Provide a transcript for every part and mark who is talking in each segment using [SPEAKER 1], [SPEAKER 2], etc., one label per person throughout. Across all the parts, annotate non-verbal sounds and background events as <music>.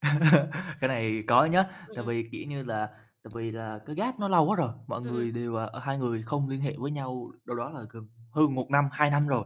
[SPEAKER 1] <chuckles> Cái này có nhá,
[SPEAKER 2] Ừm,
[SPEAKER 1] tại
[SPEAKER 2] ừm.
[SPEAKER 1] vì, kiểu như là, tại vì là cái gap nó lâu quá rồi, mọi
[SPEAKER 2] Ừm, ừm.
[SPEAKER 1] người đều, ờ ờ, hai người không liên hệ với nhau đâu đó là gần hơn 1 năm, 2 năm rồi.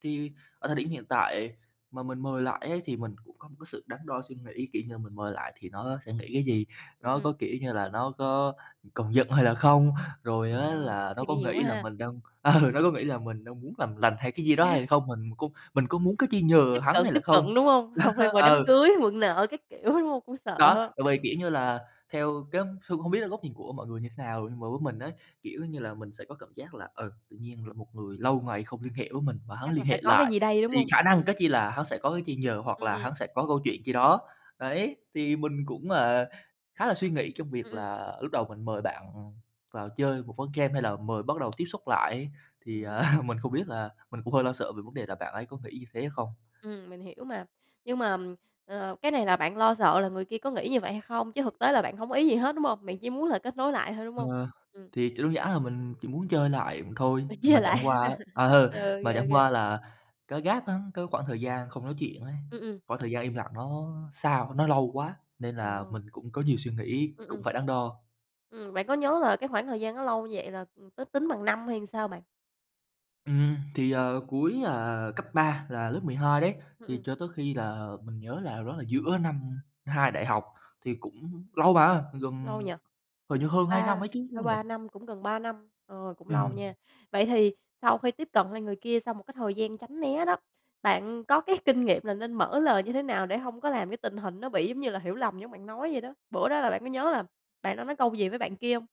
[SPEAKER 1] Thì ở thời điểm hiện tại mà mình mời lại ấy thì mình cũng có một cái sự đắn đo suy nghĩ, kiểu như là mình mời lại thì nó sẽ nghĩ cái gì?
[SPEAKER 2] Ừm,
[SPEAKER 1] Nó có,
[SPEAKER 2] ừm.
[SPEAKER 1] kiểu như là, nó có còn giận hay là không? Rồi á
[SPEAKER 2] Ờ. Cũng
[SPEAKER 1] là nó
[SPEAKER 2] suy
[SPEAKER 1] có
[SPEAKER 2] nghĩ nhiều quá
[SPEAKER 1] nghĩ là
[SPEAKER 2] ha.
[SPEAKER 1] mình đang, ờ, nó có nghĩ là mình đang muốn làm lành hay cái gì đó hay
[SPEAKER 2] Nè.
[SPEAKER 1] là không mà mình cũng mình có muốn cái chi nhờ
[SPEAKER 2] Tiếp
[SPEAKER 1] hắn
[SPEAKER 2] cận,
[SPEAKER 1] hay
[SPEAKER 2] tiếp
[SPEAKER 1] là không?
[SPEAKER 2] cận, đúng hông?
[SPEAKER 1] Đó,
[SPEAKER 2] Hông, hay mời đám
[SPEAKER 1] ừ.
[SPEAKER 2] cưới, mượn nợ các kiểu, đúng hông? Cũng
[SPEAKER 1] Đó,
[SPEAKER 2] sợ.
[SPEAKER 1] tại vì,
[SPEAKER 2] Ừm.
[SPEAKER 1] kiểu như là, theo cái phương hông biết là góc nhìn của mọi người như thế nào, nhưng mà với mình á, kiểu như là, mình sẽ có cảm giác là, ừ, tự nhiên rồi một người lâu ngày không liên hệ với mình mà hắn
[SPEAKER 2] Chắc là
[SPEAKER 1] liên
[SPEAKER 2] phải
[SPEAKER 1] hệ
[SPEAKER 2] có cái
[SPEAKER 1] lại
[SPEAKER 2] gì đây, đúng
[SPEAKER 1] thì
[SPEAKER 2] không?
[SPEAKER 1] khả năng,
[SPEAKER 2] Ừm.
[SPEAKER 1] cái chi là hắn sẽ có cái chi nhờ hoặc
[SPEAKER 2] Ừm,
[SPEAKER 1] là
[SPEAKER 2] ừm.
[SPEAKER 1] hắn sẽ có câu chuyện chi đó. Đấy, thì mình cũng, à, khá là suy nghĩ trong
[SPEAKER 2] Ừm,
[SPEAKER 1] việc
[SPEAKER 2] ừm.
[SPEAKER 1] là lúc đầu mình mời bạn vào chơi một ván game, hay là mời bắt đầu tiếp xúc lại. Thì, à,
[SPEAKER 2] Ừm.
[SPEAKER 1] <chuckles> mình không biết là mình cũng hơi lo sợ về vấn đề là bạn ấy có nghĩ như thế không?
[SPEAKER 2] Ừm, mình hiểu mà. Nhưng mà, ờ, cái này là bạn lo sợ là người kia có nghĩ như vậy hay không, chứ thực tế là bạn hông có ý gì hết, đúng không? Bạn chỉ muốn là kết nối lại thôi, đúng hông?
[SPEAKER 1] Ờ.
[SPEAKER 2] Ừm.
[SPEAKER 1] Thì, kiểu, đơn giản là mình chỉ muốn chơi lại thôi,
[SPEAKER 2] Đòi
[SPEAKER 1] mà
[SPEAKER 2] chơi
[SPEAKER 1] chẳng
[SPEAKER 2] lại.
[SPEAKER 1] qua á
[SPEAKER 2] <chuckles>
[SPEAKER 1] ờ,
[SPEAKER 2] OK,
[SPEAKER 1] mà chẳng
[SPEAKER 2] OK.
[SPEAKER 1] qua là cái gap á, cái khoảng thời gian không nói chuyện ấy,
[SPEAKER 2] Ừm, ừm.
[SPEAKER 1] khoảng thời gian im lặng nó xa quá, nó lâu quá, nên là mình
[SPEAKER 2] Ồ.
[SPEAKER 1] cũng có nhiều suy nghĩ,
[SPEAKER 2] Ừm,
[SPEAKER 1] cũng
[SPEAKER 2] ừm.
[SPEAKER 1] phải đắn đo.
[SPEAKER 2] Ừm, bạn có nhớ là cái khoảng thời gian nó lâu như vậy là, ừm, có tính bằng năm hay sao bạn?
[SPEAKER 1] Ừm, thì, ờ, cuối, ờ, cấp 3 là lớp 12 đấy,
[SPEAKER 2] Ừm,
[SPEAKER 1] thì
[SPEAKER 2] ừm.
[SPEAKER 1] cho tới khi là mình nhớ là đâu đó là giữa năm 2 đại học, thì cũng lâu mà,
[SPEAKER 2] Lâu
[SPEAKER 1] gần
[SPEAKER 2] nhỉ?
[SPEAKER 1] hình như hơn 2 năm
[SPEAKER 2] Ba
[SPEAKER 1] ấy chứ, đúng
[SPEAKER 2] ba
[SPEAKER 1] không nhỉ?
[SPEAKER 2] ba năm, cũng gần 3 năm, ờ, cũng lâu
[SPEAKER 1] Ừm.
[SPEAKER 2] nha. Vậy thì sau khi tiếp cận lại người kia sau một cái thời gian tránh né đó, bạn có cái kinh nghiệm là nên mở lời như thế nào để hông có làm cái tình hình nó bị, giống như là, hiểu lầm giống bạn nói vậy đó? Bữa đó là bạn có nhớ là bạn đã nói câu gì với bạn kia hông?